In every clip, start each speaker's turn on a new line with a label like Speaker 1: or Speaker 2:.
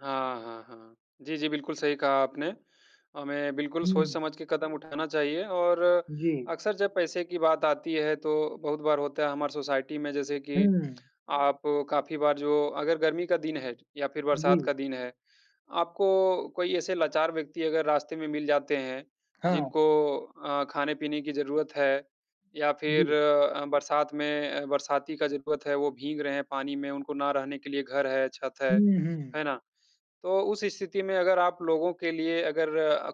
Speaker 1: हाँ, हाँ, हाँ। जी, जी, बिल्कुल सही कहा आपने। हमें बिल्कुल
Speaker 2: हुँ।
Speaker 1: सोच-समझ के कदम उठाना चाहिए और
Speaker 2: जी।
Speaker 1: अक्सर जब पैसे की बात आती है तो बहुत बार होता है हमारे सोसाइटी में जैसे कि
Speaker 2: हुँ।
Speaker 1: आप काफ़ी बार जो अगर गर्मी का दिन है या फिर बरसात
Speaker 2: जी।
Speaker 1: का दिन है, आपको कोई ऐसे लाचार व्यक्ति अगर रास्ते में मिल जाते हैं
Speaker 2: हाँ।
Speaker 1: जिनको अ, खाने-पीने की ज़रूरत है या फिर
Speaker 2: जी।
Speaker 1: अ, बरसात में बरसाती का ज़रूरत है, वो भीग रहे हैं पानी में, उनको ना रहने के लिए घर है छत है,
Speaker 2: हुँ, हुँ।
Speaker 1: है ना? तो उस स्थिति में अगर आप लोगों के लिए अगर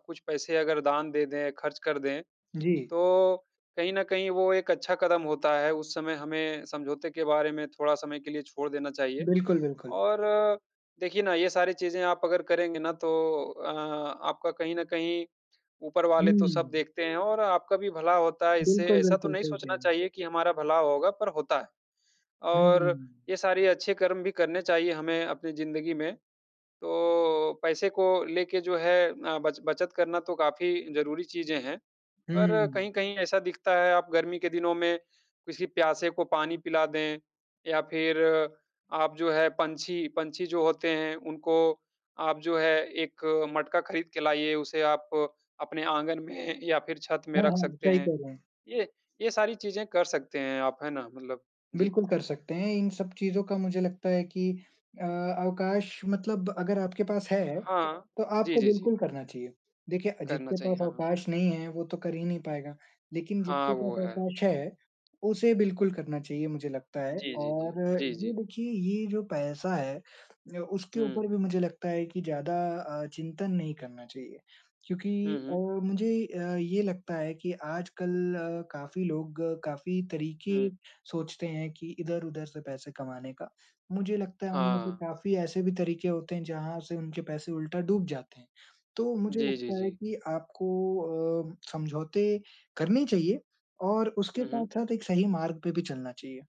Speaker 1: कुछ पैसे अगर दान दे दें, ख़र्च कर दें,
Speaker 2: जी।
Speaker 1: तो कहीं न कहीं वो एक अच्छा कदम होता है। उस समय हमें समझौते के बारे में थोड़ा समय के लिए छोड़ देना चाहिए।
Speaker 2: बिल्कुल, बिल्कुल।
Speaker 1: और देखिए ना ये सारी चीज़ें आप अगर करेंगे ना तो अ, आपका कहीं न कहीं ऊपर वाले तो सब
Speaker 2: हुँ।
Speaker 1: देखते हैं और आपका भी भला होता है इससे।
Speaker 2: बिल्कुल,
Speaker 1: ऐसा तो
Speaker 2: बिल्कुल
Speaker 1: नहीं
Speaker 2: सही कह
Speaker 1: सोचना
Speaker 2: रहें।
Speaker 1: चाहिए कि हमारा भला होगा, पर होता है।
Speaker 2: हुँ,
Speaker 1: और
Speaker 2: हुँ।
Speaker 1: ये सारे अच्छे कर्म भी करने चाहिए हमें अपनी ज़िन्दगी में। तो पैसे को लेके जो है अ, ब बचत करना तो काफ़ी ज़रूरी चीज़ें हैं। पर
Speaker 2: हुँ।
Speaker 1: कहीं-कहीं ऐसा दिखता है आप गर्मी के दिनों में किसी प्यासे को पानी पिला दें या फिर आप जो है पंछी पंछी जो होते हैं, उनको आप जो है एक मटका ख़रीद के लाइए, उसे आप अपने आँगन में या फिर छत में
Speaker 2: हाँ,
Speaker 1: रख
Speaker 2: हाँ।
Speaker 1: सकते
Speaker 2: सही
Speaker 1: हैं।
Speaker 2: कह रहे हैं।
Speaker 1: ये ये सारी चीज़ें कर सकते हैं आप, है ना? मतलब जी।
Speaker 2: बिल्कुल कर सकते हैं। इन सब चीजों का मुझे लगता है कि अ, अवकाश मतलब अगर आपके पास है
Speaker 1: हाँ।
Speaker 2: तो
Speaker 1: जी,
Speaker 2: आपको
Speaker 1: जी, जी।
Speaker 2: बिल्कुल करना चाहिए। देखिए
Speaker 1: करना
Speaker 2: जिसके
Speaker 1: चाहिए,
Speaker 2: पास
Speaker 1: हाँ।
Speaker 2: अवकाश नहीं है वो तो कर ही नहीं पाएगा, लेकिन
Speaker 1: हाँ
Speaker 2: जिसके पास
Speaker 1: वो है।
Speaker 2: अवकाश है उसे बिल्कुल करना चाहिए, मुझे लगता है।
Speaker 1: जी, जी, जी।
Speaker 2: और
Speaker 1: जी,
Speaker 2: ये
Speaker 1: जी।
Speaker 2: देखिए ये जो पैसा है अ, उसके ऊपर
Speaker 1: हुँ।
Speaker 2: भी मुझे लगता है कि ज़्यादा अ, चिंतन नहीं करना चाहिए। क्योंकि
Speaker 1: हुँ,
Speaker 2: अ,
Speaker 1: हुँ।
Speaker 2: मुझे अ, ये लगता है कि आजकल काफ़ी लोग काफ़ी तरीके
Speaker 1: हुँ।
Speaker 2: सोचते हैं कि इधर-उधर से पैसे कमाने का। मुझे लगता है उनमें से
Speaker 1: हाँ।
Speaker 2: काफ़ी ऐसे भी तरीके होते हैं जहाँ से उनके पैसे उल्टा डूब जाते हैं। तो मुझे
Speaker 1: जी, जी,
Speaker 2: लगता है
Speaker 1: जी।
Speaker 2: कि आपको अ, समझौते करने चाहिए और उसके
Speaker 1: हुँ, हुँ।
Speaker 2: साथ-साथ एक सही मार्ग पे भी चलना चाहिए।